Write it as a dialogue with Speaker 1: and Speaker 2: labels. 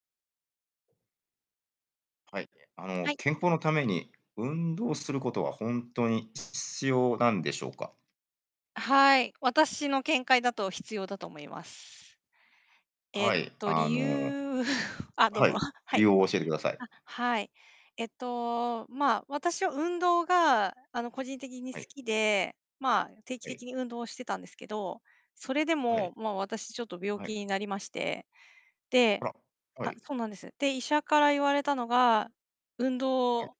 Speaker 1: はい。え、あの、
Speaker 2: はい。
Speaker 1: 健康のために、運動することはほんとに必要なんでしょうか？
Speaker 2: あ、はい、私の見解だと必要だと思います。えっ
Speaker 1: はい。
Speaker 2: と、
Speaker 1: あ
Speaker 2: 理
Speaker 1: の
Speaker 2: 由 あ、どう
Speaker 1: は
Speaker 2: ぞ、
Speaker 1: い、
Speaker 2: は
Speaker 1: 理
Speaker 2: い。
Speaker 1: 由を教えてください。
Speaker 2: あ、はい。えっと、まあ、私は運動があの、個人的に
Speaker 1: は
Speaker 2: 好
Speaker 1: い。
Speaker 2: きで、まあ、定期
Speaker 1: はい。
Speaker 2: 的に運動をしてたんですけど、それで
Speaker 1: はい。
Speaker 2: も、ま、私ちょっと病
Speaker 1: は
Speaker 2: 気
Speaker 1: い。
Speaker 2: になりまして。で
Speaker 1: あら、は
Speaker 2: あ、
Speaker 1: い。
Speaker 2: そうなんです。で、医者から言われたのが、運動
Speaker 1: はい。